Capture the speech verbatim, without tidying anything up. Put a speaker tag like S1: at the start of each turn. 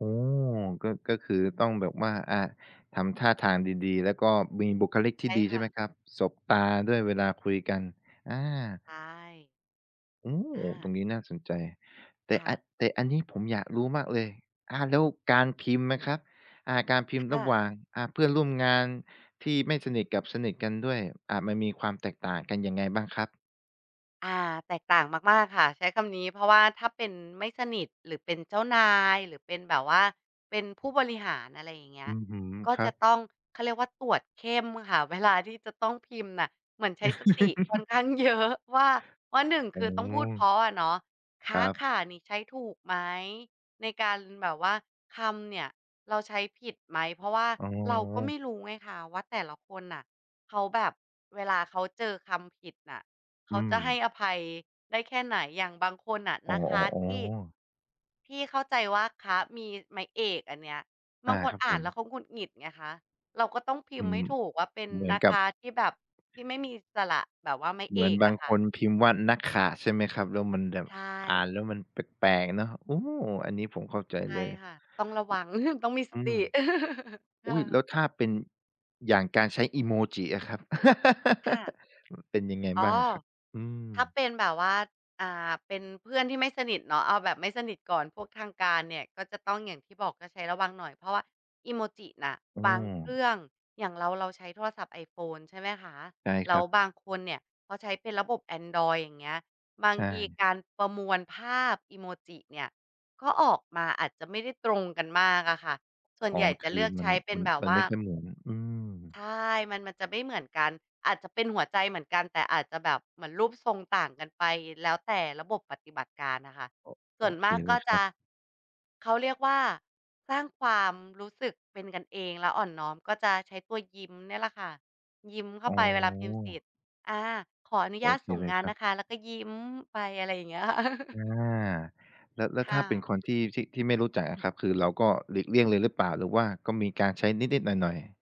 S1: อ๋อ ก็ ก็คือต้องแบบว่า อ่า ทำท่าทางดี ๆ แล้วก็มีบุคลิกท
S2: ใช
S1: ี่
S2: ่
S1: ดี
S2: ค
S1: ใช่
S2: ่
S1: ไหม
S2: ะ
S1: ครับ? สบตาด้วยเวลาคุยกัน อา
S2: ใช่
S1: โอ้!
S2: อ
S1: ตร
S2: า
S1: งนี้น่าสนใจ แต
S2: ค
S1: ่
S2: ่
S1: อ
S2: ะ
S1: แต่อันนี้ผมอยากรู้มากเลย อ่า แล้วการพิมพ์ไหมครับ? อ่า การพิม
S2: ค
S1: พ์ร
S2: ่
S1: ะ
S2: ะ
S1: หว่างอะ เพื่อนร่วมงานที่ไม่สนิทกับสนิทกันด้วย อ่า มันมีความแตกต่างกันยังไงบ้างครับ?
S2: อ่า แตกต่างมาก ๆ ค่ะ ใช้คำนี้ เพราะว่าถ้าเป็น ไม่สนิท หรือเป็นเจ้านาย หรือเป็นแบบว่าเป็นผู้บริหาร อะไรอย่างเงี้
S1: อ
S2: ย
S1: ื้อฮือ
S2: ก็
S1: ครั
S2: จะ
S1: บ
S2: ต้อง เขาเรียกว่าตรวจเข้มค่ะ เวลา ที่จะต้องพิมพ์น่ะ เหมือนใช้สติค่อนข้าง เยอะ ว่า ว่า หนึ่ง
S1: อ
S2: ค
S1: ๋อ
S2: ือต้องพูดเพราะอะเนาะ ค
S1: คร
S2: ะ
S1: ับ
S2: ค่ะ นี่ ใช้ถูกไหม ในการแบบว่า คำเนี่ยเราใช้ผิดไหม เพราะว่า
S1: อ๋
S2: เราก็ไม
S1: อ
S2: ่รู้ไงคะ ว่าแต่ละคนน่ะ เขาแบบเวลาเขาเจอคำผิดน่ะ เ
S1: อ
S2: ข
S1: ื
S2: าจะให้
S1: ม
S2: อภัยได้แค่ไหน? อย่างบางคนน่ะ
S1: อ๋อ
S2: นะคะที่
S1: ๆ ๆ
S2: ที่เข้าใจว่า "คะ" มีไม้เอกอันเนี้ย บ
S1: อา
S2: างค
S1: ค
S2: น
S1: รับ
S2: อ่
S1: ผ
S2: านแล
S1: ม
S2: ้วเขาหงุดหงิดไงคะ เราก็ต้องพิ
S1: อื
S2: มพ์ให
S1: ม
S2: ้ถูกว่า เป็น
S1: เหมือ
S2: "น
S1: น
S2: ะ
S1: กั
S2: ค
S1: บ
S2: ะ" ที่แบบที่ไม่มีสระ แบบว่าไม้
S1: เห
S2: เ
S1: ม
S2: อ
S1: ือน
S2: ก
S1: บ
S2: อ
S1: าง
S2: ะค
S1: ค
S2: ่ะ
S1: นพิมพ์ว่า "นะค่ะ" ใช่ไหมครับ? แล้วมันแบบ
S2: ใช
S1: อ่าน
S2: ่
S1: แล้วมันแปลก ๆ เนาะ โอ้! อันนี้ผมเข้าใจ
S2: ใช่
S1: เลย
S2: ค่ะ ต้องระวัง ต้องมีส
S1: อื
S2: ติ
S1: ม
S2: ค
S1: อ
S2: ่
S1: ุ๊ย! แล
S2: ะ
S1: ้วถ้าเป็น อย่างการใช้อีโมจิอะครับ?
S2: ค่ะ
S1: เป็นยังไง
S2: อ๋
S1: บ้
S2: อ
S1: างอะครับ? อื
S2: ถ้า
S1: ม
S2: เป็นแบบว่า อ่า เป็นเพื่อนที่ไม่สนิทเนาะ เอาแบบไม่สนิทก่อน พวกทางการเนี่ย ก็จะต้องอย่างที่บอกก็ใช้ระวังหน่อย เพราะว่าอีโมจิน่ะ
S1: อ้
S2: บางเคร
S1: อ
S2: ื่อง อย่างเรา เราใช้โทรศัพท์ไอโฟนใช่ไหมคะ?
S1: ได้
S2: แล
S1: ค
S2: ้
S1: ร
S2: ว
S1: ับ
S2: บางคนเนี่ยเขาใช้เป็นระบบแอนดรอยด์ อย่างเงี้ย บา
S1: ใ
S2: ง
S1: ช
S2: ที
S1: ่
S2: การประมวลภาพอีโมจิเนี่ย ก็ออกมาอาจจะไม่ได้ตรงกันมากอะค่ะ ส่วน
S1: อ๋อ
S2: ใหญ่จ
S1: ค
S2: ะเ
S1: ื
S2: ล
S1: อ
S2: ือก
S1: ม
S2: ใ
S1: ั
S2: ช
S1: น
S2: ้เป็
S1: ม
S2: น
S1: ัน
S2: แบบ
S1: มั
S2: ว
S1: น
S2: ่
S1: ไ
S2: า
S1: ม่ค่อยเหมือน อืม
S2: ใช่ มัน มันจะไม่เหมือนกัน อาจจะเป็นหัวใจเหมือนกัน แต่อาจจะแบบ เหมือนรูปทรงต่างกันไป แล้วแต่ระบบปฏิบัติการอะค่ะ
S1: โอ
S2: ส
S1: โ
S2: ่
S1: อ
S2: วน
S1: เ
S2: ม
S1: ค
S2: าก
S1: เ
S2: ก
S1: ล
S2: ็
S1: ยค
S2: จ
S1: ร
S2: ะ
S1: ับ
S2: เขาเรียกว่าสร้างความรู้สึกเป็นกันเองแล้วอ่อนน้อม ก็จะใช้ตัวยิ้มเนี่ยแหละค่ะ ยิ้มเข้
S1: อ
S2: า
S1: ๋
S2: ไปเวลาพิมพ์เสร็
S1: อ
S2: จ อา ขออนุ
S1: โ
S2: ญ
S1: อ
S2: าต
S1: เค
S2: ส่ง
S1: เล
S2: ง
S1: ย
S2: าน
S1: ครั
S2: น
S1: บ
S2: ะคะ แล้วก็ยิ้มไป อะไรอย่างเงี้ยค่ะ
S1: อา แล้ว แล้ว
S2: ค
S1: ถ
S2: ่
S1: ้าเป็
S2: ะ
S1: นคนที่ ที่ ที่ไม่รู้จักอะครับ คือเราก็หลีกเลี่ยงเลยหรือเปล่า? หรือว่าก็มีการใช้นิด ๆ หน่อย ๆ